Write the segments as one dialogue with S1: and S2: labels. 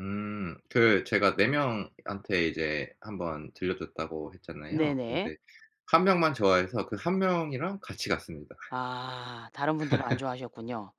S1: 음. 그 제가 4 명한테 이제 한번 들려줬다고 했잖아요.
S2: 네네.
S1: 근데 1 명만 좋아해서 그 1 명이랑 같이 갔습니다.
S2: 아 다른 분들은 안 좋아하셨군요.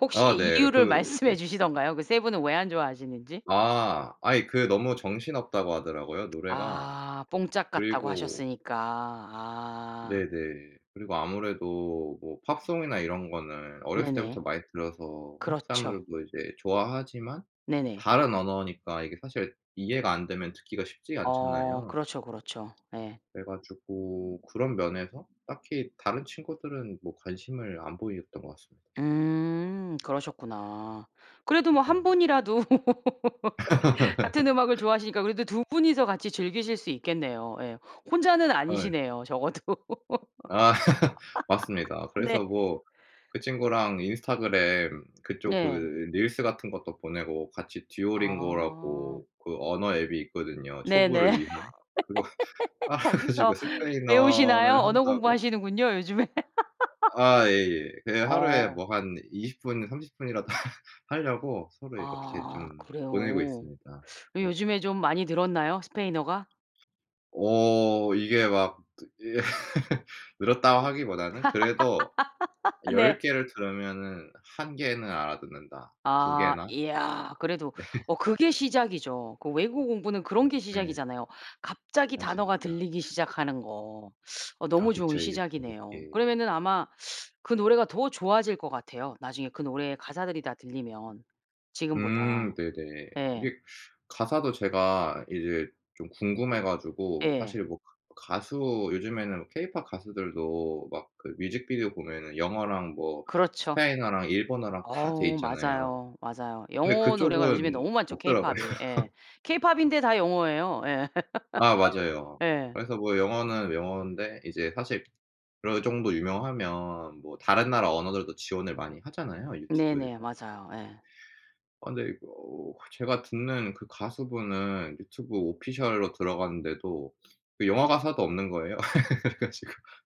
S2: 혹시
S1: 아 네.
S2: 이유를
S1: 그 네.
S2: 말씀해 주시던가요? 그 3 분은 왜 안 좋아하시는지?
S1: 아. 아이 그 너무 정신없다고 하더라고요 노래가.
S2: 아 뽕짝 같다고
S1: 그리고
S2: 하셨으니까. 아.
S1: 네네. 그리고 아무래도 뭐 팝송이나 이런 거는 어렸을 때부터
S2: 네네.
S1: 많이 들어서 한국
S2: 그렇죠.
S1: 사람들도 이제 좋아하지만
S2: 네네.
S1: 다른 언어니까 이게 사실 이해가 안 되면 듣기가 쉽지가
S2: 어
S1: 않잖아요.
S2: 그렇죠, 그렇죠. 네.
S1: 그래 가지고 그런 면에서 딱히 다른 친구들은 뭐 관심을 안 보였던 것 같습
S2: 음 그러셨구나. 그래도 뭐 1
S1: 네.
S2: 분이라도 같은 음악을 좋아하시니까 그래도 2 분이서 같이 즐기실 수 있겠네요. 예. 혼자는
S1: 아 예.
S2: 아니시네요, 적어도.
S1: 아 맞습니다.
S2: 네.
S1: 그래서 뭐 그 친구랑 인스타그램 그쪽 그
S2: 네.
S1: 릴스 같은 것도 보내고 같이
S2: 아.
S1: 듀오링고라고 그 언어 앱이 있거든요,
S2: 네네.
S1: 초보를 위한. 그거 깔아 가지고
S2: 거기서 배우시나요?
S1: 스페인어를
S2: 언어
S1: 한다고
S2: 공부하시는군요, 요즘에.
S1: 아 예예. 그냥 하루에
S2: 어.
S1: 뭐 한 20 분 30 분이라도 하려고 서로 이렇게
S2: 아
S1: 좀 보내고
S2: 그래요?
S1: 있습니다.
S2: 네
S1: 네.
S2: 요즘에 좀 많이 늘었나요, 스페인어가?
S1: 어 이게 막 늘었다고 하기보다는 그래도
S2: 네.
S1: 10개를 들으면은 1 개는 알아듣는다, 2
S2: 아
S1: 개나.
S2: 이야 그래도
S1: 네.
S2: 어 그게 시작이죠. 그 외국어 공부는 그런 게
S1: 네.
S2: 시작이잖아요. 갑자기
S1: 맞아요
S2: 단어가
S1: 딱.
S2: 들리기 시작하는 거. 어
S1: 아
S2: 너무 좋은
S1: 그쵸. 이게 지금
S2: 시작이네요.
S1: 예.
S2: 그러면은 아마 그 노래가 더 좋아질 것 같아요. 나중에 그 노래의 가사들이 다 들리면
S1: 음
S2: 지금보다.
S1: 네네.
S2: 예.
S1: 이게 가사도 제가 이제 좀 궁금해 가지고
S2: 예.
S1: 사실 뭐 가 가수 요즘에는 케이팝 가수들도 막 그 뮤직비디오 보면은 영어랑 뭐
S2: 그렇죠.
S1: 스페인어랑 일본어랑 다 돼
S2: 어
S1: 있잖아요.
S2: 맞아요, 맞아요.
S1: 그런데
S2: 영어 노래가 요즘에
S1: 그쪽은
S2: 너무 많죠,
S1: 없더라고요.
S2: 케이팝이. 예. 케이팝인데 다 영어예요. 예.
S1: 아 맞아요.
S2: 예.
S1: 그래서 뭐 영어는 영언데 이제 사실 그 정도 유명하면 뭐 다른 나라 언어들도 지원을 많이 하잖아요,
S2: 네네.
S1: 유튜브에서. 근데
S2: 맞아요. 예.
S1: 어 근데 어 제가 듣는 그 가수분은 유튜브 오피셜로 들어갔는데도 그 영어 가사도 없는 거예요. 그래 가지고